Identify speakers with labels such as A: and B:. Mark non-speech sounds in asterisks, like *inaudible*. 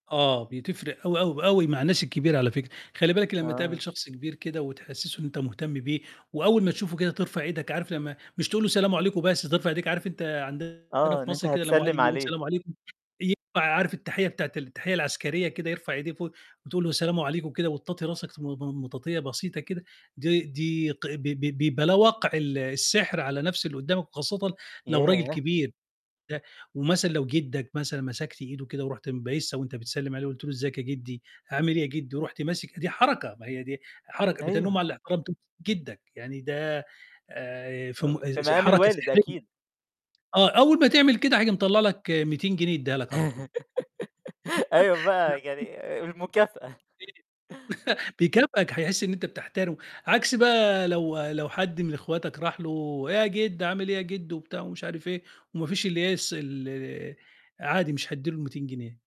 A: آه، بتفرق أوي، أوي، ب أوي مع الناس الكبيرة على فكرة، خلي بالك لمّا تقابل
B: آه.
A: شخص كبير كده، وتحسّسه إن أنت مهتم بيه، وأول ما تشوفه كده ترفع إيدك، عارف لمّا مش تقول له سلام عليكم بس ترفع إيديك، عارف أنت عندنا
B: آه،
A: في
B: إن أنت
A: مَصر كده لمّا واحد
B: هتسلّم
A: يقول
B: عليه.
A: سلام عليكم، ينفع عارف التحية بتاعة ال التحية العسكرية كده، يرفع إيديه فوق، وتقول له سلام عليكم وكده وتطاطي راسك م م مطاطية بسيطة كده، دي دي ق ب ب بلا وَقع ال السحر على نفس اللي قدّامك وخاصةً لو راجل
B: ياه!
A: كبير *unintelligible* ومثلًا لو جدك مثلًا مسكت إيده وكده، ورُحت م بايسها وأنت بتسلّم عليه، قُلت له إزيك يا جدي، عامل إيه؟ يا جدي رُحت ماسك إيديه، حركة، ما هي دي حركة، بتَنُمّ
B: أيوه.
A: على احترام *unintelligible* جدك، يعني ده آآ في م
B: في
A: ز
B: مقام
A: حركة
B: الوالد
A: سحرية.
B: أكيد.
A: آه، أول ما تعمل كده، هييجي مطلّع لك 200 جنيه يدّيها لك على طول.
B: *laughs* أيوه
A: *chuckles*
B: بقى،
A: *unintelligible*
B: يعني المكافأة.
A: *unintelligible* *chuckles* بيكافئك، هيحس إن أنت بتحترمه، عكس بقى لو لو حد من أخواتك راح له إيه يا جدو، عامل إيه يا جدو؟ وبتاع مش عارف إيه، وما فيش اللي هي الس ال عادي مش هيدّي له ال200 جنيه.